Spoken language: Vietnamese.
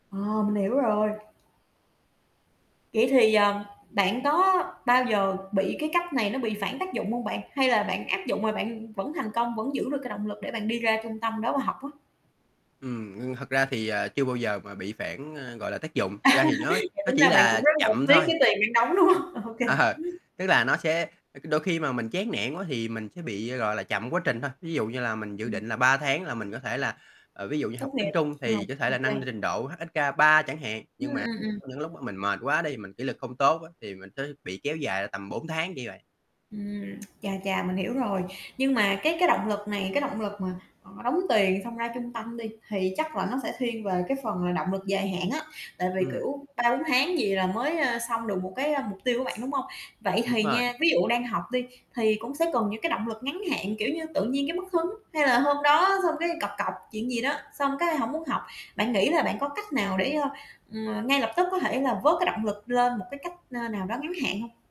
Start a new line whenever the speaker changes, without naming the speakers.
Ờ, mình hiểu rồi. Vậy thì, ờm, bạn có bao giờ bị cái cách này nó bị phản tác dụng hông bạn? Hay là bạn áp dụng mà bạn vẫn thành công, vẫn giữ được cái động lực để bạn đi ra trung tâm đó mà học á?
Ừm, ngưng thật ra thì, à, chưa bao giờ mà bị phản, a, gọi là, tác dụng,
À,
la thì nó
vậy
nó
tính
chỉ
ra bạn
là
cũng rất là
chậm
tiếc
thôi.
cái tiền bạn đóng, đúng không? Ô kê.
Ờ, tức là nó sẽ ơ, cứ đôi khi mà mình chán nản quá thì mình sẽ bị, gọi là, chậm quá trình thôi. Ví dụ như là mình dự
Ừm.
định là 3 tháng là mình có thể là ờ, ví dụ như học
Tốt
tiếng
nghiệp,
Trung
ờ,
thì có thể
ô
là
kê.
nâng trình độ HSK3 chẳng hạn.
Ừm,
Nhưng mà
ừm, ừm.
có những lúc mình mệt quá đi, mình kỷ luật không tốt á thì mình sẽ bị kéo dài ra tầm 4 tháng, kiểu vậy.
Ừm, chà chà, mình hiểu rồi. Nhưng mà cái cái động lực này, cái động lực mà, ờ, đóng tiền, xong ra trung tâm đi, thì chắc là nó sẽ thiên về cái phần là động lực dài hạn á. Tại vì,
Ừm.
kiểu, 3, 4 tháng gì là mới, a, xong được một cái, a, mục tiêu của bạn, đúng hông? Vậy
Đúng
thì
rồi.
nha, ví dụ đang học đi thì cũng sẽ cần những cái động lực ngắn hạn, kiểu như, tự nhiên cái mất hứng, hay là hôm đó xong cái cọc cọc chuyện gì đó, xong cái hổng muốn học. Bạn nghĩ là bạn có cách nào để, ơ, ừm, ngay lập tức có thể là vớt cái động lực lên một cái cách, a, nào đó ngắn hạn hông?